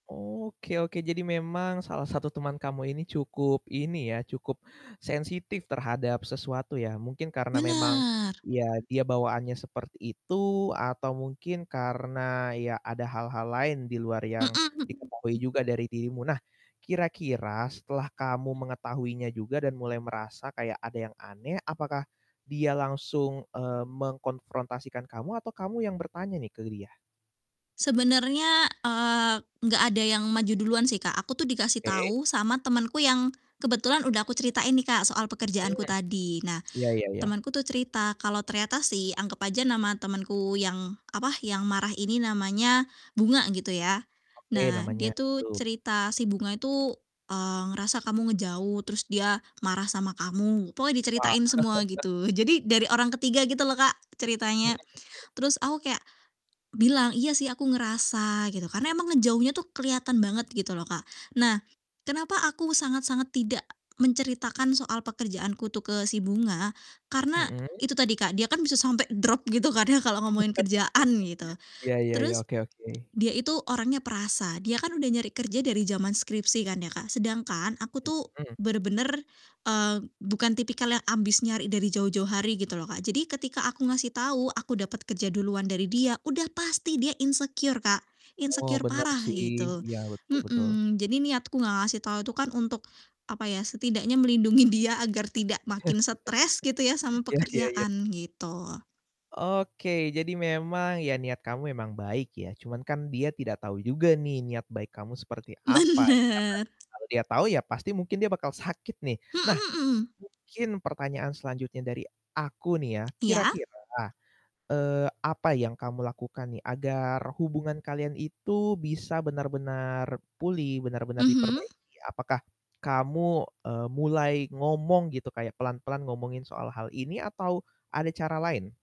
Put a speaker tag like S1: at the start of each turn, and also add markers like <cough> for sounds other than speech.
S1: Oke oke, jadi memang salah satu teman kamu ini cukup ini ya, cukup sensitif terhadap sesuatu ya, mungkin karena memang,
S2: Bener.
S1: ya, dia bawaannya seperti itu atau mungkin karena, ya, ada hal-hal lain di luar
S2: Mhm
S1: yang diketahui
S2: mhm.
S1: juga dari dirimu. Nah, kira-kira setelah kamu mengetahuinya juga dan mulai merasa kayak ada yang aneh, apakah dia langsung, eee, mengkonfrontasikan kamu atau kamu yang bertanya nih ke dia?
S2: Sebenarnya, eee, enggak ada yang maju duluan sih, Kak, aku tuh dikasih
S1: Oke.
S2: tau sama temenku yang kebetulan udah aku ceritain nih, Kak, soal pekerjaanku tadi. Nah,
S1: Mhm. Ya ya ya.
S2: temenku tuh cerita kalau ternyata si anggap aja nama temenku yang, apa, yang marah ini namanya Bunga, gitu ya.
S1: Oke,
S2: Nah,
S1: namanya
S2: dia tuh
S1: itu.
S2: cerita, "Si Bunga itu, eee, ngerasa kamu ngejauh, terus dia marah sama kamu." Pokoknya
S1: Wah.
S2: diceritain semua,
S1: <chuckles>
S2: gitu. Jadi, dari orang ketiga gitu loh, Kak,
S1: Mhm
S2: ceritanya.
S1: mhm.
S2: Terus aku kayak bilang, "Iya sih aku ngerasa." Gitu, karena emang ngejauhnya tuh kelihatan banget gitu loh, Kak. Nah, kenapa aku sangat-sangat tidak menceritakan soal pekerjaanku tuh ke si Bunga? Karena
S1: Mhm.
S2: itu tadi, Kak, dia kan bisa sampai drop gitu kan ya, kalau ngomongin kerjaan, gitu.
S1: <laughs> Ya ya ya,
S2: Terus
S1: oke oke.
S2: dia itu orangnya perasa, dia kan udah nyari kerja dari zaman skripsi kan ya, Kak. Sedangkan aku tuh
S1: Mhm.
S2: bener-bener, eee, bukan tipikal yang ambis nyari dari jauh-jauh hari, gitu loh, Kak. Jadi ketika aku ngasih tau aku dapet kerja duluan dari dia, udah pasti dia insecure, Kak,
S1: Oh,
S2: insecure
S1: bener
S2: parah
S1: sih,
S2: gitu.
S1: iya, betul betul.
S2: Mhm, jadi niatku nggak ngasih tau itu kan untuk, apa ya, setidaknya melindungin dia agar tidak makin stres, gitu ya, sama
S1: <chuckles> Ya ya ya.
S2: pekerjaan, gitu.
S1: Oke, jadi memang, ya, niat kamu emang baik ya, cuman kan dia tidak tahu juga nih niat baik kamu seperti apa, ya
S2: Bener.
S1: karena kalau dia tahu ya pasti mungkin dia bakal sakit nih. Nah,
S2: Mhm mhm.
S1: mungkin pertanyaan selanjutnya dari aku nih ya,
S2: Iya?
S1: kira-kira, eee, apa yang kamu lakukan nih, agar hubungan kalian itu bisa benar-benar pulih, benar-benar
S2: Mhm.
S1: diperbaiki? Apakah kamu, eee, mulai ngomong gitu, kayak pelan-pelan ngomongin soal hal ini atau ada cara lain?